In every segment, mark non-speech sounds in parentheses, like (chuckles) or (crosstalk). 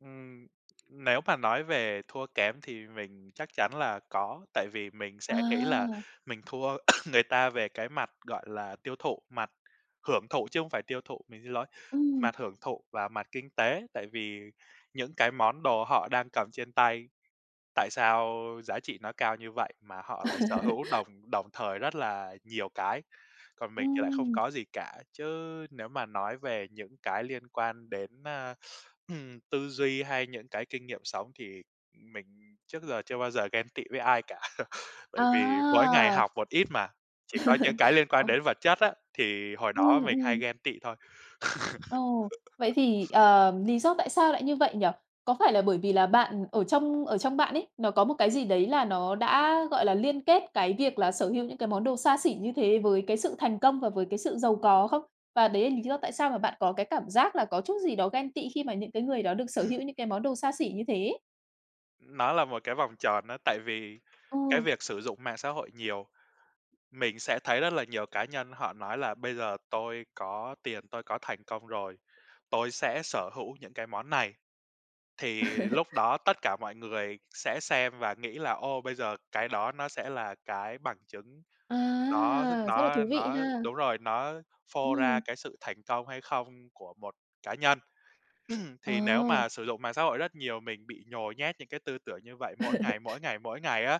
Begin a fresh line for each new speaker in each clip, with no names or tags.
Ừm, nếu mà nói về thua kém thì mình chắc chắn là có, tại vì mình sẽ nghĩ là
À!
mình thua (coughs) người ta về cái mặt, gọi là, tiêu thụ, mặt hưởng thụ chứ không phải tiêu thụ, mình xin lỗi,
Ừm.
mặt hưởng thụ và mặt kinh tế, tại vì những cái món đồ họ đang cầm trên tay, tại sao giá trị nó cao như vậy mà họ lại sở
(laughs)
hữu đồng đồng thời rất là nhiều cái, còn mình thì lại không
Ừm.
có gì cả. Chứ nếu mà nói về những cái liên quan đến, a, ừm, tư duy hay những cái kinh nghiệm sống thì mình trước giờ chưa bao giờ ghen tị với ai cả, (chuckles) bởi vì mỗi ngày
À!
học một ít mà, chỉ có những cái
(laughs)
liên quan
Ừm.
đến vật chất á, thì hồi đó
Ừm,
mình hay
ừm.
ghen tị thôi.
Ồ, vậy thì,
(laughs)
ờ, lý do tại sao lại như vậy nhỉ? Có phải là bởi vì là bạn ở trong ở trong bạn ấy, nó có một cái gì đấy là nó đã, gọi là, liên kết cái việc là sở hữu những cái món đồ xa xỉ như thế với cái sự thành công và với cái sự giàu có không? Và đấy là lý do tại sao mà bạn có cái cảm giác là có chút gì đó ghen tị khi mà những cái người đó được sở hữu những cái món đồ xa xỉ như thế?
Nó là một cái vòng tròn á, tại vì cái
Ừ.
việc sử dụng mạng xã hội nhiều, mình sẽ thấy rất là nhiều cá nhân họ nói là "Bây giờ tôi có tiền, tôi có thành công rồi, tôi sẽ sở hữu những cái món này", thì
(laughs)
lúc đó tất cả mọi người sẽ xem và nghĩ là, ô, bây giờ cái đó nó sẽ là cái bằng chứng, nó rất
À, rất là
nó
thú vị
nó
ha!
đúng rồi, nó phô ra
Ừm.
cái sự thành công hay không của một cá nhân. (clears throat) Thì nếu
Ờ.
mà sử dụng mạng xã hội rất nhiều mình bị nhồi nhét những cái tư tưởng như vậy mỗi
(laughs)
ngày, mỗi ngày, mỗi ngày á,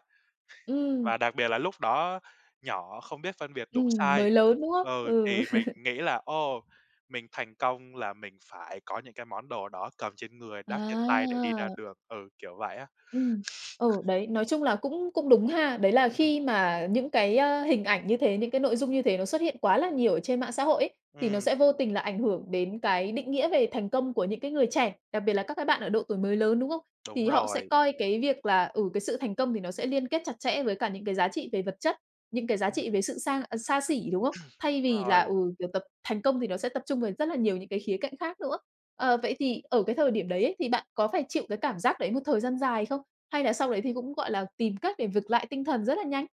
Ừm.
và đặc biệt là lúc đó nhỏ không biết phân biệt đúng
Ừm,
sai
mới lớn, đúng không?
ừ,
Ừ.
thì mình
(laughs)
nghĩ là "Ồ, mình thành công là mình phải có những cái món đồ đó cầm trên người, đắp trên tay để đi ra
À!
đường", ừ, kiểu vậy á.
Ừm, ừ, đấy, nói chung là cũng cũng đúng ha. Đấy là khi mà những cái, ơ, hình ảnh như thế, những cái nội dung như thế nó xuất hiện quá là nhiều ở trên mạng xã hội ấy, thì nó
Ừm.
sẽ vô tình là ảnh hưởng đến cái định nghĩa về thành công của những cái người trẻ, đặc biệt là các cái bạn ở độ tuổi mới lớn, đúng không?
Đúng
Thì họ sẽ
rồi.
coi cái việc là, ừ, cái sự thành công thì nó sẽ liên kết chặt chẽ với cả những cái giá trị về vật chất, những cái giá trị về sự sang ờ, xa xỉ, đúng không?
(clears throat)
Thay vì là,
Rồi.
ừ, kiểu, tập thành công thì nó sẽ tập trung về rất là nhiều những cái khía cạnh khác nữa. Ờ, vậy thì ở cái thời điểm đấy ấy, thì bạn có phải chịu cái cảm giác đấy một thời gian dài không? Hay là sau đấy thì cũng, gọi là, tìm cách để vực lại tinh thần rất là nhanh?